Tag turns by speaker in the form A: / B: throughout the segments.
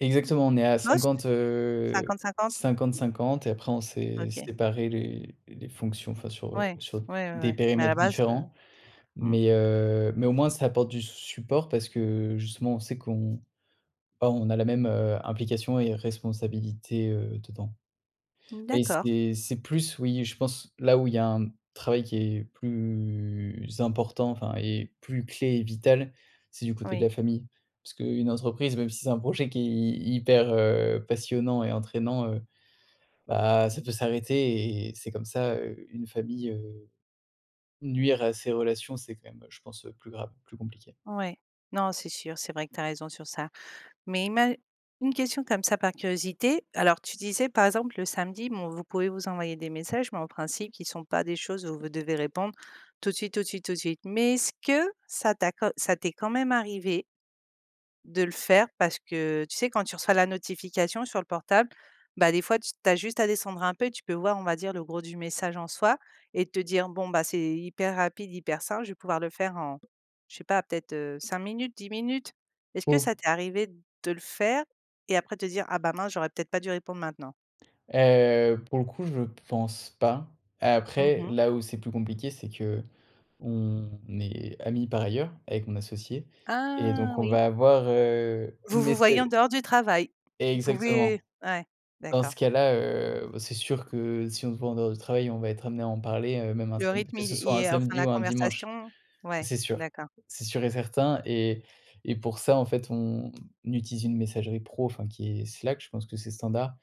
A: Exactement, on est à
B: Mouais, c
A: 50 heu,
B: 50-50.
A: 50-50 et après on s'est
B: OK.
A: séparé les les fonctions, enfin sur, heu,
B: Ouais,
A: sur d
B: ouais, ouais,
A: des
B: ouais, mais à
A: périmètres
B: la base te
A: différents.
B: Mmh.
A: Mais, heu, mais au moins, ça apporte du s support parce que, justement, on sait qu'on, bah, on a la même, heu, implication et responsabilité, heu, dedans. Mais
B: D'accord.
A: c'est c'est plus, oui, je pense là où il y a un, mmh, travail qui est plus important, enfin et plus clé et vital, c'est du côté de
B: Oui.
A: la famille. Parce qu'une entreprise, même si c'est un projet qui est hy hyper, heu, passionnant et entraînant, heu, bah ça peut s'arrêter et et c'est comme ça, heu, une famille, heu, nuire à ses relations, c'est quand même, heu, je pense, heu, plus grave, plus compliqué.
B: Ouais. Non c'est sûr, c'est vrai que tu as raison sur ça. Mais ima une question, comme ça, par curiosité, alors tu disais, par exemple, le samedi, bon vous pouvez vous envoyer des messages, mais en principe, qui sont pas des choses où vous devez répondre tout de suite, tout suite, tout de suite. Mais est-ce que ça t'a quand ça t'est quand même arrivé de le faire parce que, tu sais? Quand tu reçois la notification sur le portable, bah, des fois t tu as juste à descendre un peu et tu peux voir, on va dire, le gros du message en soi et te dire: «Bon bah c'est hyper rapide hyper simple, je vais pouvoir le faire en, je sais pas, peut-être, heu, 5 minutes, 10 minutes», est-ce
A: Oh
B: que
A: lo
B: ça t'est arrivé de le faire et après de te dire: «Ah bah mince j'aurais peut-être pas dû répondre maintenant»?
A: Heu, pour le coup, je pense pas.
B: Mmh
A: Après,
B: mh.
A: là où c'est plus compliqué, c'est qu'on est amis, par ailleurs, avec mon associé et
B: Ah
A: donc on
B: oui.
A: va avoir, heu,
B: Vous
A: une mais
B: vous voyez en
A: c'est
B: dehors du travail. Vous pouvez
A: exactement.
B: ouais,
A: Dans
B: d'accord.
A: ce cas-là, heu, v c'est sûr que, si on se voit en dehors du travail, on va être amenés à en parler, heu, même un
B: Le
A: samed
B: rythme
A: que
B: il
A: ce
B: est
A: soit
B: il
A: un
B: est, enfin,
A: samedi
B: la
A: ou un dimanche.
B: conversation, ouais
A: C'est sûr.
B: d'accord.
A: C'est sûr et certain. Et et pour ça, en fait, on utilise une messagerie pro, enfin, qui est Slack, je pense que c'est standard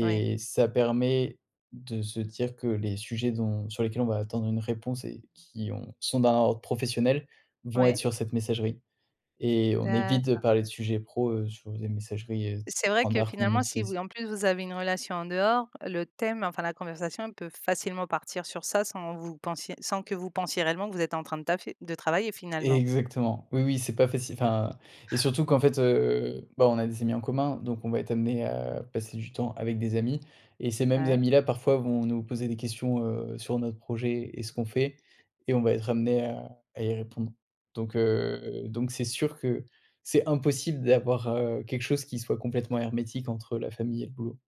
B: Oui.
A: ça permet de se dire que les sujets dont sur lesquels on va attendre une réponse et qui ont sont d'un ordre professionnel, vont être
B: Ouais.
A: sur cette messagerie. Et on évite de
B: D'accord.
A: parler de sujets pro, heu, sur des messageries, heu,
B: Et
A: st
B: c'est vrai que
A: standards qu'on
B: finalement, si
A: utilise.
B: vous en plus vous avez une relation en dehors, le thème, enfin, la conversation peut facilement partir sur ça, sans vous pensiez sans que vous pensiez réellement que vous êtes en train de taffer, de travailler, finalement.
A: Exactement. Oui, oui, c'est pas facile, enfin et surtout qu'en fait, heu, bah on a des amis en commun, donc on va être amené à passer du temps avec des amis, et ces mêmes
B: Ouais.
A: amis-là parfois, vont nous poser des questions, heu, sur notre projet et ce qu'on fait et on va être amenés à à y répondre. Donc, heu, donc c'est sûr que c'est impossible d'avoir, heu, quelque chose qui soit complètement hermétique entre la famille et le boulot.